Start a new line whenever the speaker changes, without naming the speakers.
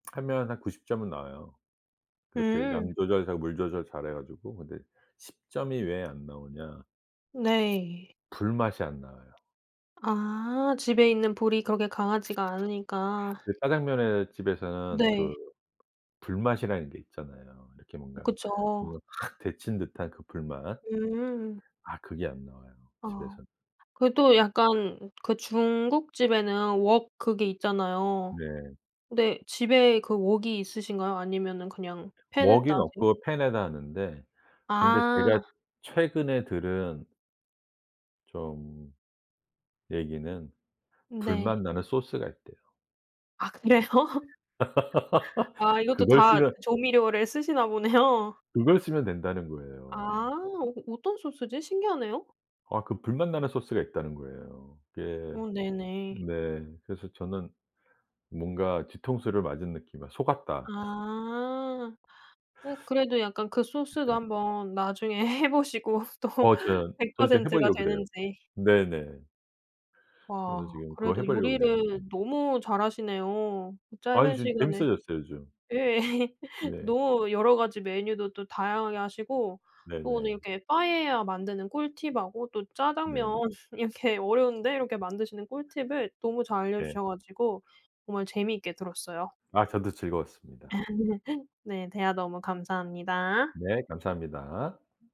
하면 한 90 점은 나와요. 그렇게
음.
양 조절 잘 물 조절 잘해가지고. 근데 10 점이 왜 안 나오냐.
네.
불맛이 안 나와요.
아 집에 있는 불이 그렇게 강하지가 않으니까.
그 짜장면에 집에서는
네.
그 불맛이라는 게 있잖아요. 이렇게 뭔가
그쵸.
뭔가 확 데친 듯한 그 불맛.
음.
아 그게 안 나와요
아.
집에선.
그 또 약간 그 중국집에는 웍 그게 있잖아요.
네.
네 집에 그 웍이 있으신가요? 아니면은 그냥 팬에다
웍은
하세요?
없고 팬에다 하는데 근데
아.
제가 최근에 들은 좀 얘기는 불맛
네.
나는 소스가 있대요.
아 그래요? 아 이것도
그걸
다
쓰면
조미료를 쓰시나 보네요.
그걸 쓰면 된다는
아.
거에요.
어 어떤 소스지? 신기하네요.
아 그 불맛 나는 소스가 있다는 거예요. 예.
어 네네.
네. 그래서 저는. 뭔가 뒤통수를 맞은 느낌이 '아 속았다.'
아. 어 그래도 약간 그 소스도
네.
한번 나중에 해보시고 또
어 전
100
전 이제
퍼센트가
해보려고 그래요.
되는지.
네네. 그래서
와
지금 그거
그래도
해보려 그래요.
요리를 너무 잘하시네요.
아이
짧은
지금
시간에.
재밌어졌어요 요즘.
예
네.
노 여러 가지 메뉴도 또 다양하게 하시고 또 오늘
네네.
이렇게 파에야 만드는 꿀팁 하고 또
네.
짜장면 이렇게 어려운데 이렇게 만드시는 꿀팁을 너무 잘
네.
알려주셔 가지고 정말 재미있게 들었어요.
아 저도 즐거웠습니다.
네 대화 너무 감사합니다.
네 감사합니다.